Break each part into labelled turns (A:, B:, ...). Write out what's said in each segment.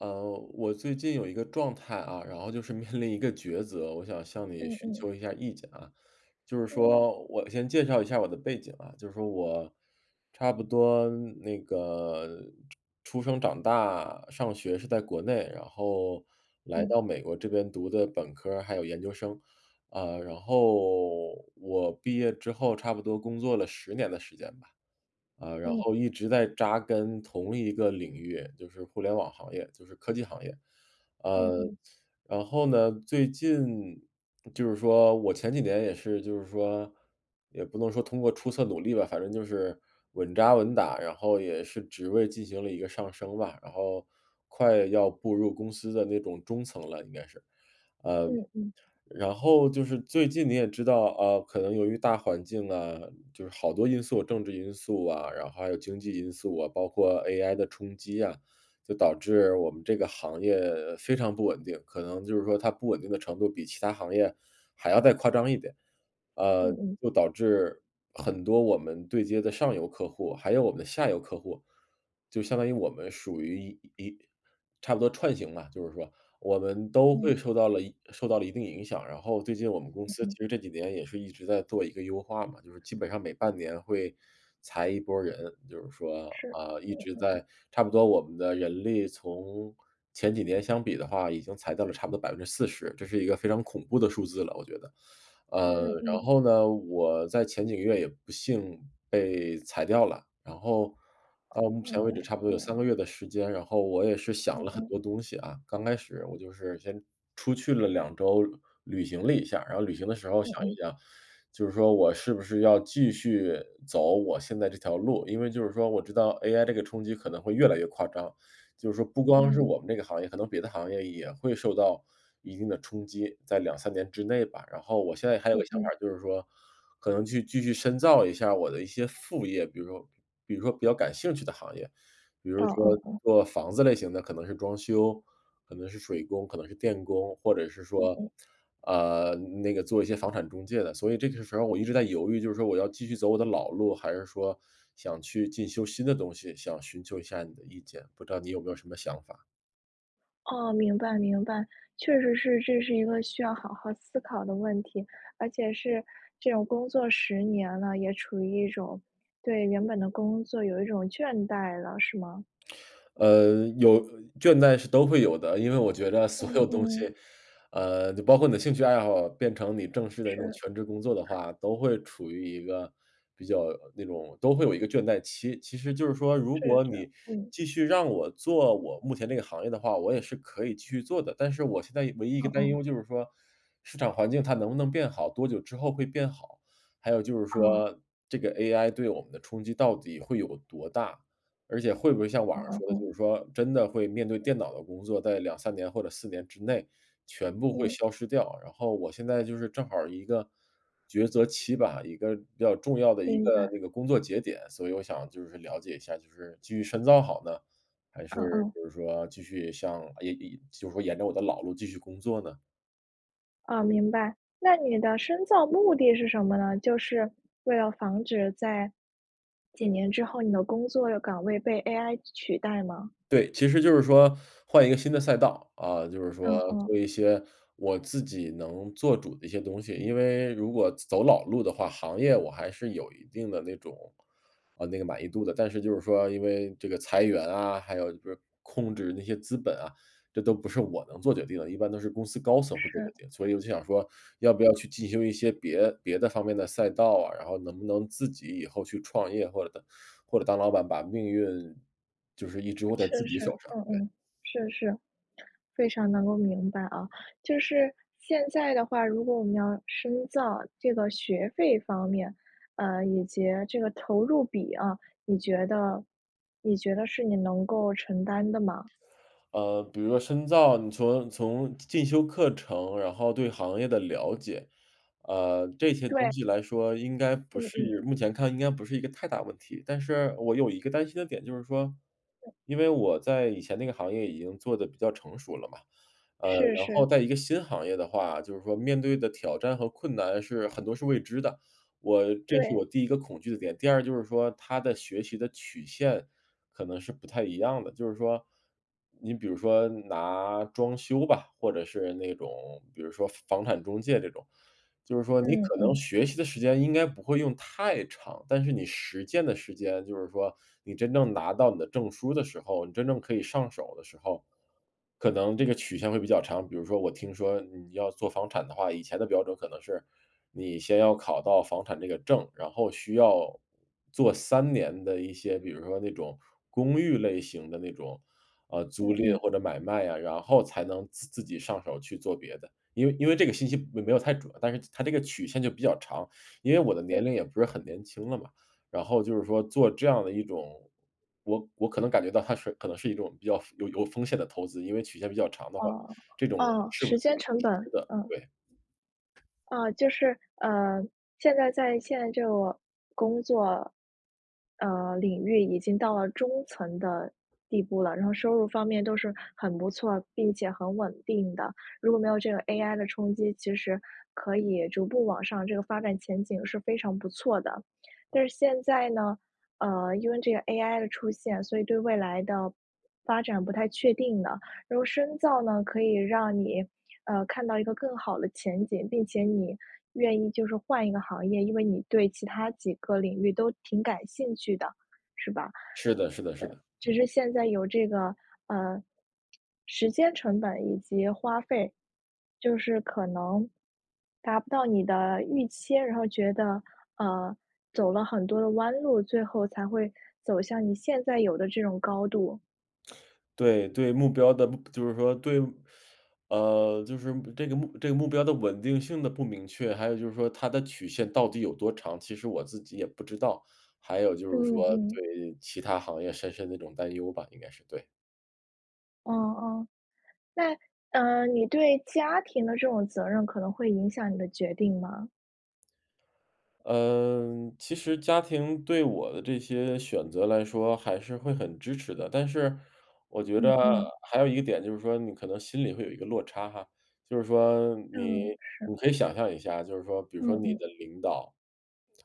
A: 呃，我最近有一个状态啊，然后就是面临一个抉择，我想向你
B: 嗯
A: 寻
B: 嗯。
A: 求一下意见啊。就是
B: 嗯。
A: 说我先介绍一下我的背景啊，就是说我差不多那个出出生、长大、上学是在国内，然后来
B: 嗯。
A: 到美国这边读的本科儿，还有研究生。呃，然后我毕业之后差不多工作了10年的时间吧，呃，然
B: 嗯。
A: 后一直在扎根同一个领域，就是互联网行业，就是科技行业。
B: 嗯
A: 呃，
B: 嗯。
A: 然后呢，最近就是说我前几年也是就是说，也不能说通过出色努力吧，反正就是稳扎稳打，然后也是职位进行了一个上升吧，然后快要步入公司的那种中层了，应该是。
B: 嗯嗯。
A: 呃，然后就是最近你也知道，呃，可能由于大环境啊就是好多因素，政治因素啊，然后还有经济因素啊，包括 AI 的冲击啊，就导致我们这个行业非常不稳定，可能就是说它不稳定的程度，比其他行业还要再夸张一点。
B: 嗯
A: 呃，
B: 嗯。
A: 就导致很多我们对接的上游客户，还有我们的下游客户就相当于我们属于一一差不多串行吧，就是说，我们都会
B: 嗯。
A: 受到了一受到了一定影响。然后最近我们公
B: 嗯
A: 司
B: 嗯。
A: 其实这几年也是一直在做一个优化嘛，就是基本上每半年会裁一拨儿人，就是说，
B: 是，
A: 啊，一
B: 嗯
A: 直
B: 嗯嗯。
A: 在差不多我们的人力，从前几年相比的话，已经裁掉了差不多40%，这是一个非常恐怖的数字了，我觉得。呃，
B: 嗯
A: 然
B: 嗯。
A: 后呢，我在前几个月也不幸被裁掉了，然后到目前
B: 嗯，
A: 为止差不多有3个
B: 嗯。
A: 月的时间，然后我也是想
B: 嗯
A: 了很
B: 嗯。
A: 多东西啊，刚开始我就是先出去了2周旅行了一下。然后旅行的时候
B: 嗯
A: 想一
B: 嗯。
A: 想，就是说我是不是要继续走我现在这条路，因为就是说我知道 AI 这个冲击可能会越来越夸张，就是说不光是
B: 嗯。
A: 我们这个行业，可能别的行业也会受到一定的冲击，在2-3年之内吧。然后我现在还有一
B: 嗯
A: 个想
B: 嗯。
A: 法，就是说，可能去继续深造一下我的一些副业，比如说比如说比较感兴趣的行业，比如
B: 哦
A: 说
B: 哦，嗯。
A: 做房子类型的可能是装修，可能是水工，可能是电工，或者是
B: 嗯
A: 说，
B: 嗯。
A: 呃，那个做一些房产中介的，所以这个时候我一直在犹豫，就是说我要继续走我的老路，还是说想去进修新的东西，想寻求一下你的意见，不知道你有没有什么想法？
B: 哦，明白明白。确实是，这是一个需要好好思考的问题。而且是这种工作10年了，也处于一种对原本的工作有一种倦怠了是吗？
A: 呃，有呃，倦怠是都会有的，因为我觉得所
B: 嗯
A: 有东西，
B: 嗯。
A: 呃，就包括你的兴趣爱好变成你正式的那种
B: 是。
A: 全职工作的话，都会处于一个比较，呃，那种都会有一个倦怠期。其实就是说如
B: 是
A: 果
B: 是，
A: 你
B: 嗯。
A: 继续让我做我目前这个行业的话，我也是可以去做的，但是我现在一唯一一
B: 哦
A: 个担
B: 哦。
A: 忧就是说，市场环境它能不能变好，多久之后会变好，还有就是
B: 哦。
A: 说这个 AI 对我们的冲击到底会有多大？而且会不会像网
B: 哦
A: 上
B: 哦
A: 说的就
B: 哦。
A: 是说，真的会面对电脑的工作，在2-3年或者4年之内全部会
B: 嗯。
A: 消失掉。然后我现在就是正好一个抉择期吧，一个比较重要的一
B: 明
A: 个
B: 白。
A: 那个工作节点。所以我想就是了解一下就是继续深造好呢，还是
B: 嗯嗯。
A: 就是说继续像咦，咦，就是说沿着我的老路继续工作呢？
B: 哦，明白。那你的深造目的是什么呢？就是，为了防止在，几年之后，你的工作岗位被 AI 取代吗？
A: 对，其实就是说，换一个新的赛道。啊，就是
B: 嗯
A: 说做
B: 嗯。
A: 一些我自己能做主的一些东西。因为如果走老路的话，行业我还是有一定的那种呃，那个满意度的。但是就是说因为这个裁员啊，还有就是控制那些资本啊，这都不是我能做决定的，一般都是公司高层会做决
B: 是。
A: 定。所以我就想说要不要去进行一些别别的方面的赛道啊，然后能不能自己以后去创业，或者当或者当老板，把命运就是一直握在自
B: 是
A: 己
B: 是，
A: 手上。
B: 嗯
A: 对。
B: 嗯，是是，非常能够明白啊。就是，现在的话，如果我们要深造，这个学费方面，呃，以及这个投入比啊，你觉得你觉得是你能够承担的吗？
A: 呃，比如说深造，你从从进修课程，然后对行业的了解，呃，这些东
B: 对。
A: 西来说应该不
B: 嗯嗯。
A: 是目前看应该不是一个太大问题。但是我有一个担心的点就是说，
B: 对。
A: 因为我在以前那个行业已经做得比较成熟了嘛，呃，
B: 是
A: 然
B: 是。
A: 后在一个新行业的话，就是说面对的挑战和困难是很多是未知的，我这是
B: 对。
A: 我第一个恐惧的点。第二就是说它的学习的曲线可能是不太一样的。就是说你比如说拿装修吧，或者是那种，比如说房产中介这种，就是说你
B: 嗯，
A: 可能
B: 嗯。
A: 学习的时间应该不会用太长，但是你实践的时间就是说你真正拿到你的证书的时候，你真正可以上手的时候，可能这个曲线会比较长。比如说我听说你要做房产的话，以前的标准可能是，你先要考到房产这个证，然后需要做3年的一些，比如说那种公寓类型的那种，呃，
B: 嗯
A: 租赁
B: 嗯。
A: 或者买卖啊，然后才能自自己上手去做别的。因为因为这个信息没没有太准，但是它这个曲线就比较长。因为我的
B: 嗯。
A: 年龄也不是很年轻了嘛，然后就是说做这样的一种我我可能感觉到它是可能是一种比较有有风险的投资。因为曲线比较长的话，
B: 哦，
A: 这种，
B: 哦，
A: 是不
B: 时
A: 是
B: 间成本，
A: 值得，
B: 嗯。
A: 对。
B: 啊，就是，呃，现在在现在这个工作呃，领域已经到了中层的地步了。然后收入方面都是很不错，并且很稳定的。如果没有这个 AI 的冲击，其实可以逐步往上，这个发展前景是非常不错的。但是现在呢，呃，因为这个 AI 的出现，所以对未来的，发展不太确定的。然后深造呢，可以让你，呃，看到一个更好的前景，并且你愿意就是换一个行业，因为你对其它几个领域都挺感兴趣的，是吧？呃，
A: 是的是的是的。
B: 就
A: 嗯。
B: 是现在有这个，呃，时间成本以及花费，就是可能达不到你的预期，然后觉得，呃，走了很多的弯路，最后才会走向你现在有的这种高度。
A: 对，对目标的不就是说，对目 呃，就是目这个目这个目标的稳定性的不明确，还有就是说它的曲线到底有多长，其实我自己也不知道。还有就是
B: 嗯
A: 说，
B: 嗯。
A: 对其他行业深深的一种担忧吧，应该是，对。
B: 哦哦。那，呃，你对家庭的这种责任可能会影响你的决定吗？
A: 呃，其实家庭对我的这些选择来说还是会很支持的，但是我觉
B: 嗯
A: 得
B: 嗯。
A: 还有一个点就是说你可能心里会有一个落差哈。就是说你
B: 嗯，是。
A: 你可以想象一下啊，就是说比如说
B: 嗯
A: 你
B: 嗯。
A: 的领导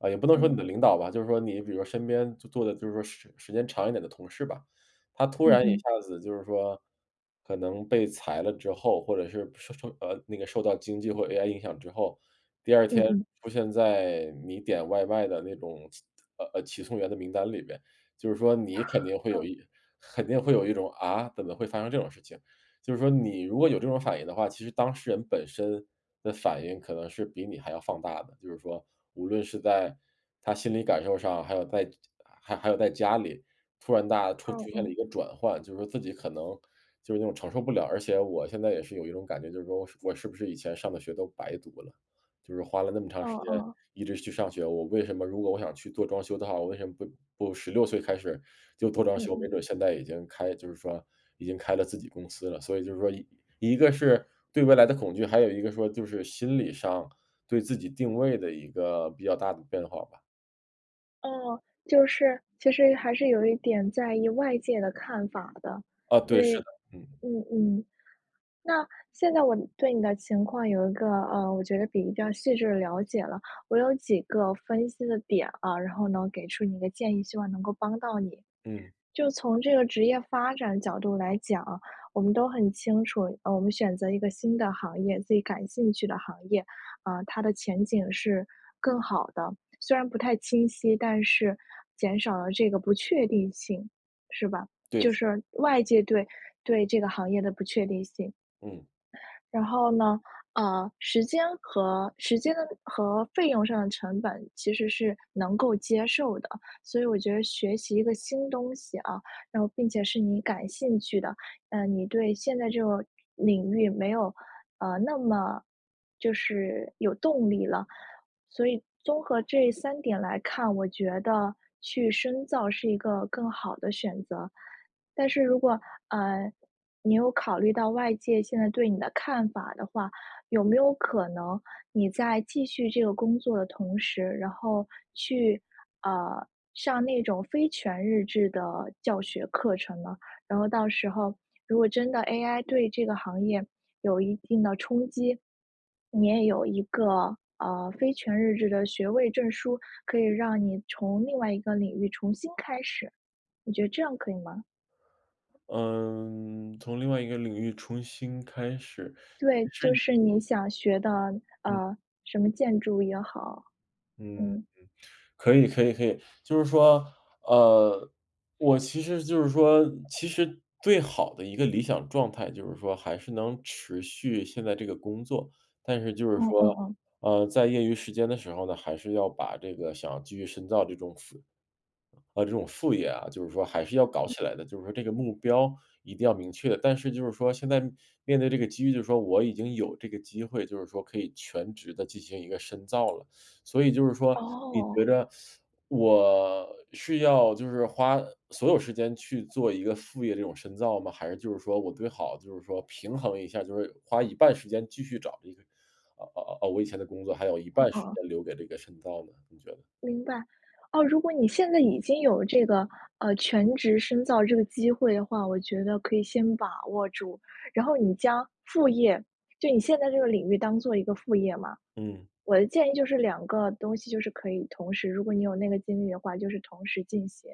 A: 呃，也不能说你
B: 嗯。
A: 的领导吧，就是说你比如说身边做做的就是说时时间长一点的同事吧，他突
B: 嗯
A: 然一
B: 嗯。
A: 下子就是说可能被裁了之后，或者是，不受受呃，那个受到经济或者 AI 影响之后，第二
B: 嗯
A: 天
B: 嗯。
A: 出现在你点外卖的那种骑呃，呃，骑送员的名单里面，就是说你肯定 会有
B: 嗯。
A: 一肯定会有一种：“啊？怎么会发生这种事情。”就是说你如果有这种反应的话，其实当事人本身的反应可能是比你还要放大的。就是说无论是在他心理感受上，还有在家家还还有在家里，突然大家出
B: 嗯
A: 出现了
B: 嗯。
A: 一个转换，就说自己可能就是那种承受不了。而且我现在也是有一种感觉，就是说我是我是不是以前上的学都白读了？就是花了那么长时
B: 哦
A: 间
B: 哦。
A: 一直去上学，我为什么如果我想去做装修的话，我为什么不不16岁开始，就做装
B: 嗯
A: 修，没
B: 嗯。
A: 准儿现在已经开就是说已经开了自己公司了。所以就是说一一个是对未来的恐惧，还有一个说就是心理上，对自己定位的一个比较大的变化吧。
B: 嗯，就是，其实还是有一点在意外界的看法的。
A: 啊，
B: 因
A: 对，是
B: 为
A: 的，嗯。
B: 嗯嗯。那现在我，嗯，对你的情况有一个，呃，我觉得比较细致的了解了。我有几个分析的点啊，然后呢给出你一个建议，希望能够帮到你。
A: 嗯。
B: 就从这个职业发展角度来讲，我们都很清楚，呃，我们选择一个新的行业，自己感兴趣的行业，呃，它的前景是更好的。虽然不太清晰，但是减少了这个不确定性，是吧？
A: 对，
B: 就
A: 是的。
B: 是外界对对这个行业的不确定性。
A: 嗯。
B: 然后呢，呃，时间和时间和费用上的成本其实是能够接受的，所以我觉得学习一个新东西啊，然后并且是你感兴趣的，呃，你对现在这个领域没有，呃，那么就是有动力了。所以综合这3点来看，我觉得去深造是一个更好的选择。但是如果，呃，你有考虑到外界现在对你的看法的话，有没有可能你在继续这个工作的同时，然后去，呃，上那种非全日制的教学课程呢？然后到时候，如果真的 AI 对这个行业有一定的冲击，你也有一个，呃，非全日制的学位证书，可以让你从另外一个领域重新开始。你觉得这样可以吗？
A: 呃，从另外一个领域重新开始，
B: 对，
A: 其
B: 就
A: 实也
B: 是你想学的，
A: 嗯。
B: 呃，什么建筑也好，
A: 嗯嗯，
B: 嗯。
A: 可以可以可以。就是说，呃，我其实就是说其实最好的一个理想状态，就是说还是能持续现在这个工作。但是就是
B: 嗯嗯
A: 说，
B: 嗯。
A: 呃，在业余时间的时候呢，还是要把这个想继续深造这种副呃，这种副业啊，就是说还是要搞
B: 嗯。
A: 起来的，就是说这个目标一定要明确。但是就是说现在面对这个机遇，就是说我已经有这个机会，就是说可以全职地进行一个深造了。所以就是说，你觉
B: 哦。
A: 着 我是要就是花所有时间去做一个副业这种深造吗？还是就是说，我最好就是说平衡一下，就是花一半时间继续找这个啊啊啊，我以前的工作，还有一
B: 嗯
A: 半
B: 嗯
A: 时
B: 嗯。
A: 间留给这个深造呢，你觉得。
B: 明白。哦，如果你现在已经有这个，呃，全职深造这个机会的话，我觉得可以先把握住。然后你将副业就你现在这个领域，当做一个副业嘛。
A: 嗯。
B: 我的建议就是2个东西，就是可以同时如果你有那个精力的话，就是同时进行。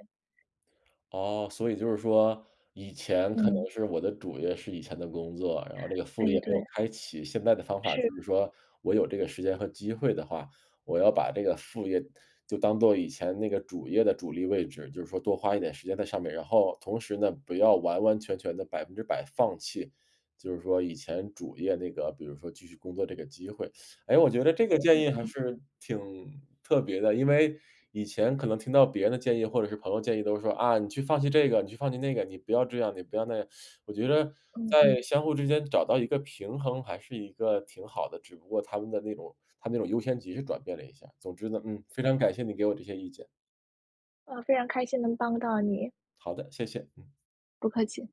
A: 哦，所以就是说，以前可能
B: 嗯。
A: 是我的主业是以前的工作，然后这个副
B: 诶，
A: 业没
B: 对。
A: 有开启。现在的方法
B: 是。
A: 就是说，我有这个时间和机会的话，我要把这个副业，就当做以前那个主业的主力位置，就是说多花一点时间在上面。然后同时呢，不要完完全全地100%放弃，就是说以前主业那个，比如说继续工作这个机会。哎，我觉着这个
B: 嗯
A: 建
B: 嗯
A: 议还
B: 嗯。
A: 是挺特别的。因为，以前可能听到别人的建议，或者是朋友建议都说，啊，你去放弃这个，你去放弃那个，你不要这样，你不要那样。我觉着
B: 嗯
A: 在
B: 嗯。
A: 相互之间找到一个平衡，还是一个挺好的，只不过它们的那种它那种优先级是转变了一下。总之呢，嗯，非常
B: 嗯。
A: 感谢你给我这些意见。
B: 呃，非常开心能帮到你。
A: 好的，谢谢，嗯
B: 不客气。